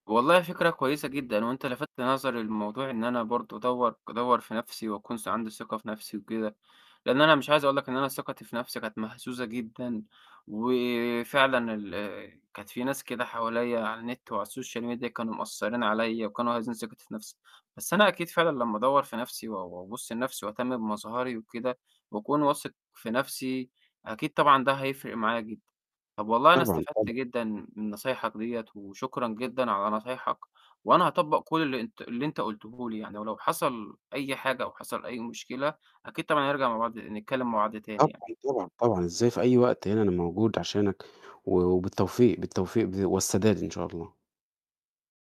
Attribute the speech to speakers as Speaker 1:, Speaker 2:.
Speaker 1: والله فكرة كويسة جدًا، هو أنت لفت نظري لموضوع إن أنا برضو أدوّر أدوّر في نَفْسي وأكون عندي ثقة في نَفْسي وكده، لإن أنا مش عايز أقول لك إن أنا ثقتي في نَفْسي كانت مهزوزة جدًا، وفعلًا ال كانت في ناس كده حواليا على النت وعلى الSocial Media كانوا مأثرين عليا وكانوا هازّين ثقتي في نَفْسي، بس أنا أكيد فعلًا لما أدوّر في نَفْسي و وأبُص لنَفْسي وأهتم بمظهري وكده وأكون واثق في نَفْسي، أكيد طبعًا ده هيفرق معايا جدًا. طَب والله أنا
Speaker 2: طبعًا
Speaker 1: استفدت
Speaker 2: طبع
Speaker 1: جدًا من نصايحك ديّة وشكرا جدًا على نصايحك، وأنا هاطبّق كلّ اللي أنت اللي أنت قُلته لي يعني، ولو حصل أي حاجة أو حصل أي مشكلة أكيد طبعًا هنرجع مع بعض نتكلم مع بعض
Speaker 2: طبعًا،
Speaker 1: تاني يعني.
Speaker 2: طبعًا، طبعًا. إزاي؟ في أي وقت، هنا أنا موجود عشانك و وبالتوفيق بالتوفيق ب والسداد إن شاء الله.